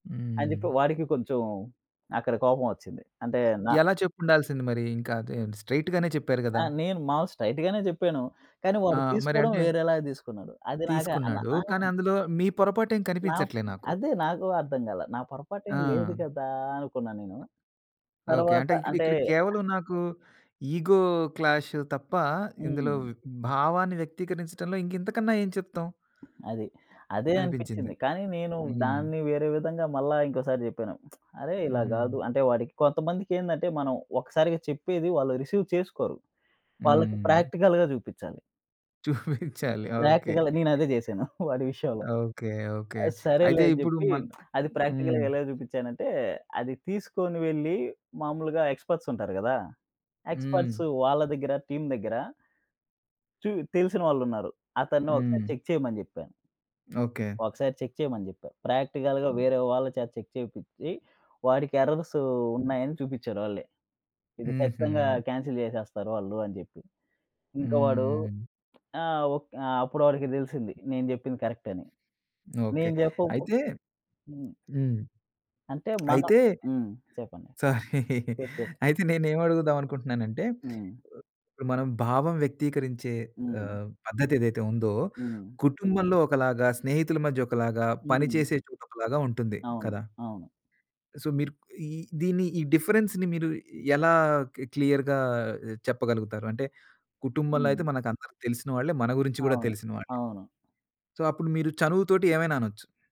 అని చెప్పి హ్మ్. వాడికి కొంచెం అక్కడ కోపం ఒచ్చింది. అంటే నా ఎలా చెప్పుండాల్సింది మరి? ఇంకా అది స్ట్రెయిట్‌ గానే చెప్పారు ఆ! గదా! నేను మాములుగా స్ట్రెయిట్‌‌గానే చెప్పాను. కానీ ఆ! వాడు మరి తీసుకోవడం అంటే వేరేలాగా తీసుకున్నాడు. అది నాకు అ న తీసుకున్నాడు. ఆ! కానీ అందులో మీ పొరపాటేం నా కనిపించట్లే నాకు. అదే నాకు అర్థంకాల. నా పొరపాటు ఏం లేదు ఆ! కదా? అనుకున్నా నేను. ఓకే. తరువాత అంటే అంటే ఇక్కడిక్కడ కేవలం నాకు ఇగో క్లాష్ తప్ప ఇందులో హ్మ్. భావాన్ని వ్యక్తీకరించడంలో ఇంకింతకన్నా ఏం చెప్తాం? అది. అదే అనిపించింది. అనిపిచింది. కానీ నేను హ్మ్. దాన్ని వేరే విధంగా మళ్ళా ఇంకోసారి చెప్పాను. అరే! ఇలా కాదు. హ్మ్. అంటే వాడికి కొంతమందికేందంటే మనం ఒక్కసారిగా చెప్పేది వాళ్ళు రిసీవ్ చేసుకోరు. వాళ్ళకి హ్మ్. ప్రాక్టికల్‌గా చూపిచ్చాలి. చూపించాలి. ఓకే. ప్రాక్టికల్ నేను అదే చేశాను వాడి విషయంలో. ఓకే. ఓకే. ఆహ్, అయితే సరేలే అని ఇప్పుడు చెప్పి మన్ అది హ్మ్. ప్రాక్టికల్‌గా ఎలా చూపించానంటే అది తీసుకొని వెళ్లి మామూలుగా ఎక్స్‌పర్ట్స్ ఉంటారు గదా! హ్మ్. ఎక్స్‌పర్ట్స్ వాళ్ళ దగ్గర టీమ్ దగ్గర చు తెలిసిన వాళ్ళున్నారు. అతన్ని ఒకసారి హ్మ్. చెక్ చేయమని చెప్పాను. ఓకే. ఒకసారి చెక్ చేయమని చెప్పా. ప్రాక్టికల్‌గా హ్మ్. వేరే వాళ్ళ చేత చెక్ చేపిచ్చి వాడికి ఎర్రర్స్ ఉన్నాయని చూపించారు ఒళ్ళే. ఇది ఖచ్చితంగా హుహు. కాన్సెల్ చేసేస్తారు వాళ్ళు అని చెప్పి. ఇంకా వాడు హ్మ్. ఆ! ఓ ఆ! అప్పుడు వాడికి తెలిసింది నేను చెప్పింది కరెక్ట్ అని. ఓకే. నేను చెప్పకుపొ అయితే హ్మ్. హ్మ్. అంటే మనం అయితే హ్మ్. చెప్పండి. సారీ. చెప్పు. చెప్పు. అయితే నేనేం అడుగుదాం అనుకుంటున్నానంటే హ్మ్. ఇప్పుడు మనం భావం వ్యక్తీకరించే హ్మ్. ఆహ్, పద్ధదేదైతే ఉందో హ్మ్. కుటుంబంలో ఒకలాగా, స్నేహితుల మధ్యొకలాగా, పని హ్మ్. చేసే చోటొకలాగా ఉంటుంది. అవును. కదా? అవును. సో మీరు ఈ దీన్ని ఈ డిఫరెన్స్‌ని మీరు ఎలా కి క్లియర్‌గా చెప్పగలుగుతారు? అంటే కుటుంబంలో హ్మ్. అయితే మనకందరు తెలిసిన వాళ్ళే. మన గురించి కూడా అవును. తెలిసిన వాళ్ళే. అవును. సో అప్పుడు మీరు చనువుతోటి ఏమైనా అనొచ్చు.